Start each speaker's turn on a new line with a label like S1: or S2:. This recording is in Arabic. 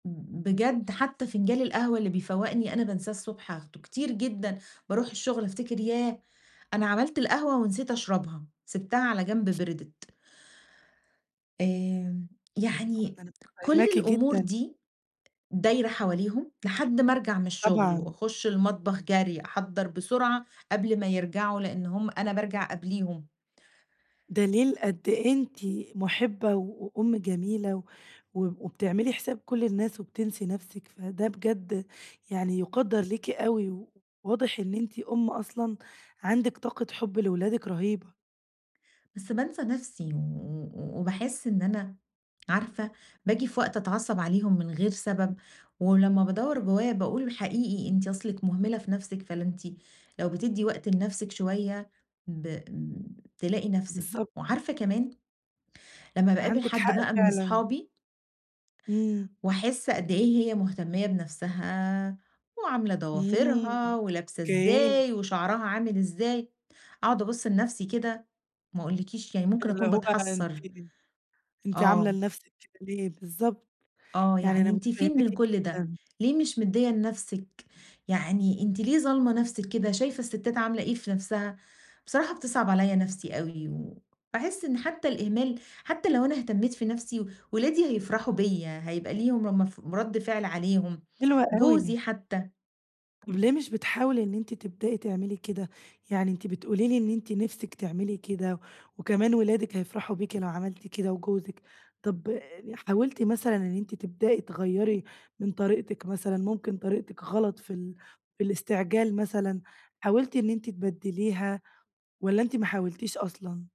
S1: ب ب بجد حتّى فِنجان القهوة اللي بيفوَّقني أنا بانساه الصبح آخده. كتير جدًا باروح الشغل أفتكر ياه! أنا عملت القهوة ونسيت أشرَبها، سِبتها على جنب بردِت. آمم،
S2: طبعًا،
S1: يعني
S2: أنا
S1: كل
S2: مُتفهماكِ
S1: الأمُور
S2: جدًا.
S1: دي دايرة حواليهم، لحد ما أرجع من الشغل
S2: طبعًا.
S1: وأخُش المطبخ جَري، أحضَّر بسرعة قبل ما يرجعوا لأنّ همَّ أنا بارجَع قبليهم.
S2: دليل قد إيه أنتِ مُحِبّة و وأم جميلة و وب وبتعملي حساب كل الناس وبتنسي نَفسِك، فده بجد يعني يُقدَّر ليكِ أوي، وواضح إن أنتِ أم أصلًا عندِك طاقة حب لولادِك رهيبة.
S1: بس بانسى نفسي و وباحس إن أنا عارفة باجي في وقت أتعصّب عليهم من غَير سبب، ولمّا بادوّر جوّايا باقول: "حقيقي أنتِ أصلِك مُهملة في نَفسِك فلا أنتِ لو بتدّي وقت لنَفسِك شويّة ب تلاقي نَفسِك."
S2: بالضبط.
S1: وعارفة كمان، لمّا باقابل
S2: عندِك
S1: حد
S2: حق
S1: بقى من
S2: فعلًا.
S1: أصحابي
S2: إمم.
S1: واحس قد إيه هي مُهتمية بنَفسَها، وعاملة
S2: إمم،
S1: ضوافرها ولابسة
S2: أوكي.
S1: إزاي وشعرها عامل إزاي، أقعد أبُص لنَفسِي كده، ما أقولكيش يعني
S2: ده
S1: ممكن
S2: اللي
S1: أكون
S2: هو ده أنتِ
S1: باتحسَّر.
S2: أنتِ عاملة
S1: آه.
S2: لنَفسِك كده ليه؟ بالضبط،
S1: آه
S2: يعني
S1: يعني
S2: أنا
S1: أنتِ فين
S2: مُتفهماكِ
S1: من كل ده؟
S2: جدًا.
S1: ليه مش مدِّية لنَفسِك يعني أنتِ ليه ظالمة نَفسِك كده؟ شايفة الستات عاملة إيه في نَفسَها؟ بصراحة بتصعَب عليَّ نفسي أوي، وباحس إن حتّى الإهمال حتّى لو أنا اهتمّيت في نفسي ولادي هيفرحوا بيَّ، هيبقى ليهم امف رد فعل عليهم،
S2: حلوة
S1: جوزي
S2: أوي.
S1: حتّى.
S2: طب ليه مش بتحاولي إن أنتِ تبدئي تعملي كده؟ يعني أنتِ بتقولي لي إن أنتِ نِفسِك تعملي كده، وكمان ولادك هيفرحوا بيكِ لو عملتِ كده وجوزِك، طَب حاولتِ مثلًا إن أنتِ تبدئي تغيَّري من طريقتِك مثلًا، ممكن طريقتِك غلط في ال في الاستعجال مثلًا، حاولتِ إن أنتِ تبدّليها والّا أنتِ ما حاولتيش أصلًا؟